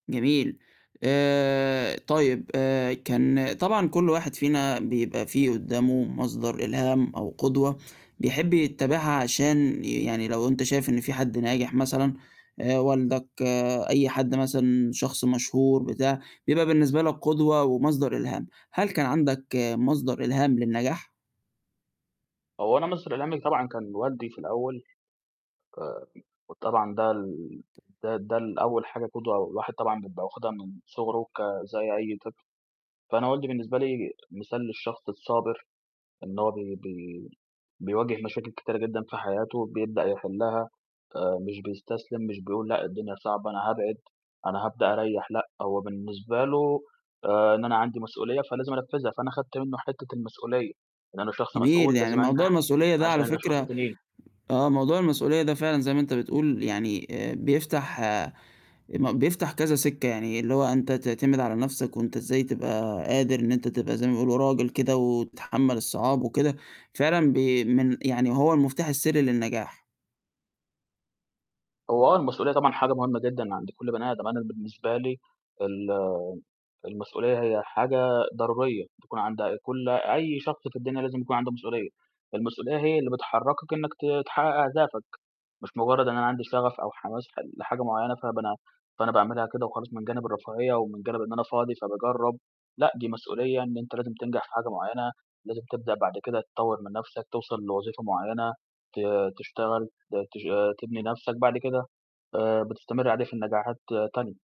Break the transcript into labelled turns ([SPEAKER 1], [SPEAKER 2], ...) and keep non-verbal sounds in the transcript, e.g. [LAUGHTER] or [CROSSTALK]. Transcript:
[SPEAKER 1] جميل. آآ طيب آآ كان طبعًا كل واحد فينا بيبقى فيه قدّامه مصدر إلهام أو قدوة بيحب يتّبعها عشان ي يعني لو أنت شايف إن في حد ناجح مثلًا آآ والدك، أي حد مثلًا شخص مشهور بتاع، بيبقى بالنسبة لك قدوة ومصدر إلهام، هل كان عندك مصدر إلهام للنجاح؟
[SPEAKER 2] هو أنا مصدر إلهامي طبعًا كان والدي في الأول [UNINTELLIGIBLE] وطبعًا ده ال ده ده ال أول حاجة قُدوة الواحد طبعًا بيبقى واخِدها من صُغره ك زي أي طفل، فأنا والدي بالنسبة لي مثال للشخص الصابر، إن هو بي بي بيواجه مشاكل كتيرة جدًا في حياته بيبدأ يحلّها، آآ مش بيستسلم، مش بيقول لأ، الدنيا صعبة أنا هابعد، أنا هابدأ أريّح لأ، هو بالنسبة له آآ إن أنا عندي مسؤولية فلازم أنفّذها، فأنا خدت منّه حتّة المسؤولية، إن أنا شخص
[SPEAKER 1] جميل،
[SPEAKER 2] مسؤول
[SPEAKER 1] يعني
[SPEAKER 2] لازم
[SPEAKER 1] موضوع
[SPEAKER 2] أنجح
[SPEAKER 1] المسؤولية ده
[SPEAKER 2] عشان
[SPEAKER 1] على
[SPEAKER 2] الأشخاص
[SPEAKER 1] فكرة
[SPEAKER 2] التانيين.
[SPEAKER 1] آه، موضوع المسؤولية ده فعلًا زي ما أنت بتقول يعني آآ بيفتح ما بيفتح كذا سِكّة، يعني اللي هو أنت تعتمد على نَفْسك وأنت إزاي تبقى قادر إن أنت تبقى زي ما بيقولوا راجل كده وتتحمل الصعاب وكده، فعلًا بي من يعني هو المفتاح السرّي للنجاح.
[SPEAKER 2] هو آه، المسؤولية طبعًا حاجة مُهمّة جدًا عند كل بني آدم، أنا بالنسبة لي الم المسؤولية هي حاجة ضرورية بتكون عند أ كل أي شخص في الدنيا لازم يكون عنده مسؤولية، المسؤولية هي اللي بتحركك إنّك ت تحقق أهدافك، مش مُجرّد إن أنا عندي شغف أو حماس حل لحاجة معيّنة فب أنا فأنا باعملها كده وخلاص من جانب الرفاهية ومن جانب إن أنا فاضي فباجرّب، لأ، دي مسؤولية إن أنت لازم تنجح في حاجة معيّنة، لازم تبدأ بعد كده تطوّر من نَفْسك، توصل لوظيفة معيّنة، ت تشتغل، ت تش تبني نَفْسك، بعد كده آآ بتستمر عليه في النجاحات تانية.